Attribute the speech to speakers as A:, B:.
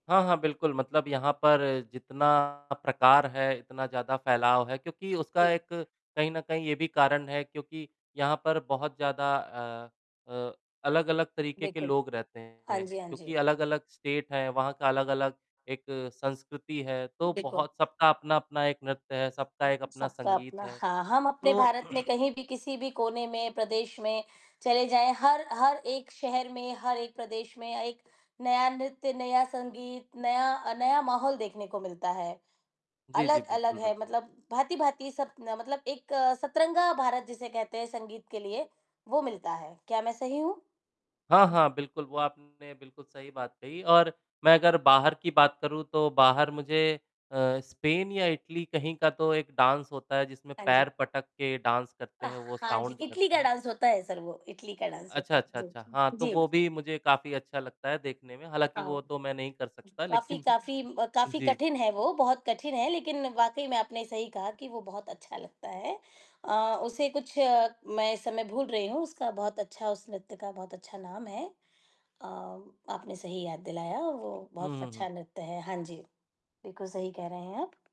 A: हाँ, हाँ। बिल्कुल मतलब यहाँ पर जितना प्रकार है, इतना ज़्यादा फैलाव है क्योंकि उसका
B: जी।
A: एक कहीं न कहीं ये भी कारण है क्योंकि यहाँ पर बहुत ज़्यादा अ अ, अलग-अलग तरीके के
B: बिल्कुल।
A: लोग रहते
B: हाँ
A: हैं
B: जी, हाँ जी।
A: क्योंकि अलग-अलग स्टेट हैं, वहाँ का अलग-अलग एक संस्कृति है, तो
B: बिल्कुल।
A: बहुत सबका अपना-अपना एक नृत्य है, सबका एक अपना
B: सबका
A: संगीत
B: अपना
A: है।
B: हाँ, हम अपने
A: तो
B: भारत में कहीं भी, किसी भी कोने में, प्रदेश में, चले जाएँ हर हर एक शहर में, हर एक प्रदेश में अ, एक नया नृत्य, नया संगीत, नया अ, नया माहौल देखने को मिलता है,
A: जी, जी।
B: अलग-अलग
A: बिल्कुल,
B: है
A: बिल्कुल।
B: मतलब भाँति-भाँति सब ना मतलब एक सतरंगा भारत जिसे कहते हैं संगीत के लिए, वो मिलता है। क्या मैं सही हूँ?
A: हाँ, हाँ। बिल्कुल, वो आपने बिल्कुल सही बात कही और मैं अगर बाहर की बात करूँ तो बाहर मुझे अ, स्पेन या इटली कहीं का तो एक डाँस होता है जिसमें
B: हाँ
A: पैर
B: जी।
A: पटक के डाँस करते
B: अ,
A: हैं, वो
B: हाँ जी
A: साउंड
B: इटली
A: करते
B: का
A: हैं।
B: डाँस होता है सर वो इटली का डाँस
A: अच्छा,
B: होता है।
A: अच्छा,
B: जी,
A: अच्छा। हाँ, तो
B: जी।
A: वो
B: जी।
A: भी मुझे काफ़ी अच्छा लगता है देखने में, हालाँकि वो
B: आओ
A: तो मैं नहीं कर सकता
B: काफ़ी
A: लेकिन
B: काफ़ी म काफ़ी
A: जी।
B: कठिन है वो, बहुत कठिन है लेकिन वाक़ई में आपने सही कहा कि वो बहुत अच्छा लगता है अ, उसे कुछ मैं इस समय भूल रही हूँ उसका बहुत अच्छा उस नृत्य का बहुत अच्छा नाम है अ, आपने सही याद दिलाया, वो बहुत
A: उहुँ, हुँ।
B: अच्छा नृत्य है। हाँ जी। बिल्कुल सही कह रहे हैं आप।